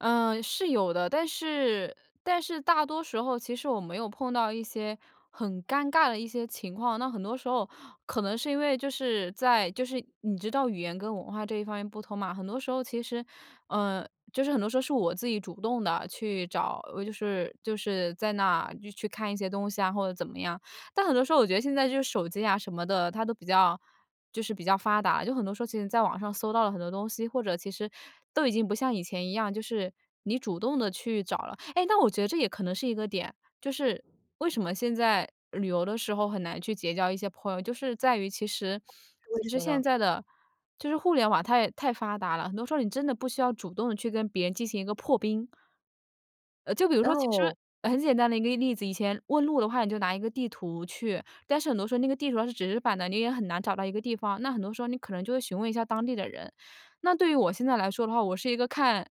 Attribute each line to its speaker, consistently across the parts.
Speaker 1: 嗯，是有的，但是但是大多时候，其实我没有碰到一些很尴尬的一些情况。那很多时候，可能是因为，就是在就是你知道语言跟文化这一方面不通嘛，很多时候其实呃，就是很多时候是我自己主动地去找，就是就是在那去看一些东西啊，或者怎么样。但很多时候我觉得现在就是手机呀什么的，它都比较就是比较发达，就很多时候其实在网上搜到了很多东西，或者其实，都已经不像以前一样，就是，你主动地去找了。哎，那我觉得这也可能是一个点，就是，为什么现在旅游的时候，很难去结交一些朋友，就是在于，其实
Speaker 2: 是为
Speaker 1: 其
Speaker 2: 什
Speaker 1: 实
Speaker 2: 么
Speaker 1: 现
Speaker 2: 呢？
Speaker 1: 在的，就是互联网太太发达了，很多时候你真的不需要主动地去跟别人进行一个破冰。呃，就比如说其
Speaker 2: 哦。
Speaker 1: 实，很简单的一个例子，以前问路的话，你就拿一个地图去，但是很多时候那个地图是纸质版的，你也很难找到一个地方，那很多时候你可能就会询问一下当地的人。那对于我现在来说的话，我是一个看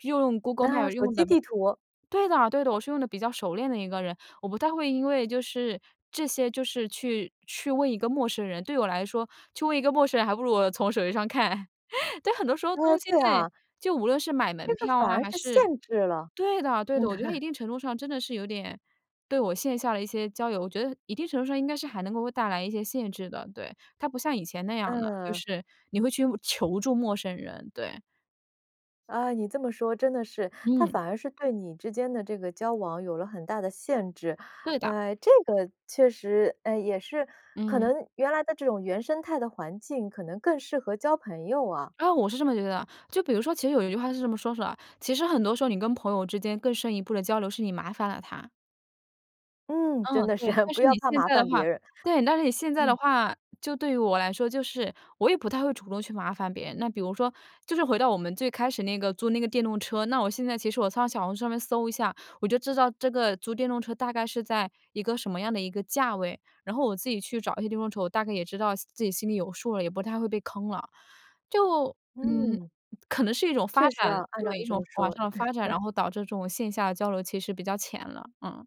Speaker 1: 用 Google
Speaker 2: 啊，
Speaker 1: Map
Speaker 2: 手
Speaker 1: 用
Speaker 2: 机
Speaker 1: 的
Speaker 2: 地图。
Speaker 1: 对的对的，我是用的比较熟练的一个人，我不太会因为就是这些就是去去问一个陌生人，对我来说，去问一个陌生人，还不如我从手机上看。对，很多时候
Speaker 2: 啊，
Speaker 1: 东西
Speaker 2: 对
Speaker 1: 对，
Speaker 2: 啊。
Speaker 1: 就无论是买门
Speaker 2: 这个
Speaker 1: 票
Speaker 2: 反而
Speaker 1: 啊，还
Speaker 2: 是
Speaker 1: 是
Speaker 2: 限制了。
Speaker 1: 对的对的，
Speaker 2: 嗯。
Speaker 1: 我觉得它一 定程度上真的是有点对我线下的一些交友，我觉得一定程度上，应该是还能够带来一些限制的，对。它不像以前那样的，就
Speaker 2: 嗯。
Speaker 1: 是，你会去求助陌生人，对。
Speaker 2: 啊，你这么说真的是，它
Speaker 1: 嗯。
Speaker 2: 反而是对你之间的这个交往有了很大的限制。
Speaker 1: 对的。
Speaker 2: 呃，这个，确实，呃，也是，可
Speaker 1: 嗯。
Speaker 2: 能原来的这种原生态的环境，可能更适合交朋友啊。
Speaker 1: 啊，我是这么觉得的。就比如说其实有一句话是这么说出来，“其实很多时候你跟朋友之间更深一步的交流是你麻烦了他”。
Speaker 2: 嗯，
Speaker 1: 嗯，
Speaker 2: 真的
Speaker 1: 对，
Speaker 2: 是，
Speaker 1: 但
Speaker 2: 不
Speaker 1: 是
Speaker 2: 要
Speaker 1: 你
Speaker 2: 怕
Speaker 1: 现
Speaker 2: 麻
Speaker 1: 在的
Speaker 2: 烦
Speaker 1: 话
Speaker 2: 别人，
Speaker 1: 对，但是你现在的
Speaker 2: 嗯。
Speaker 1: 话，就对于我来说，就是我也不太会主动去麻烦别人。那比如说就是回到我们最开始那个租那个电动车，那我现在其实我上小红书上面搜一下，我就知道这个租电动车大概是在，一个什么样的一个价位？然后我自己去找一些电动车，我大概也知道，心自己心里有数了，也不太会被坑了。就，嗯，
Speaker 2: 嗯。
Speaker 1: 可能是一种
Speaker 2: 确
Speaker 1: 发
Speaker 2: 实
Speaker 1: 展，
Speaker 2: 啊，按照
Speaker 1: 对，
Speaker 2: 你
Speaker 1: 一
Speaker 2: 这
Speaker 1: 种
Speaker 2: 么
Speaker 1: 网
Speaker 2: 说。
Speaker 1: 上的发展，然后导致这种线下交流其实比较浅了，嗯。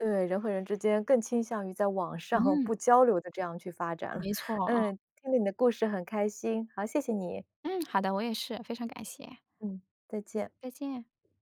Speaker 2: 对，人和人之间更倾向于在网上
Speaker 1: 嗯。
Speaker 2: 不交流地这样去发展。
Speaker 1: 没错，嗯。
Speaker 2: 嗯，听你的故事很开心，好，谢谢你。
Speaker 1: 嗯，好的，我也是，非常感谢。
Speaker 2: 嗯，再见。
Speaker 1: 再见。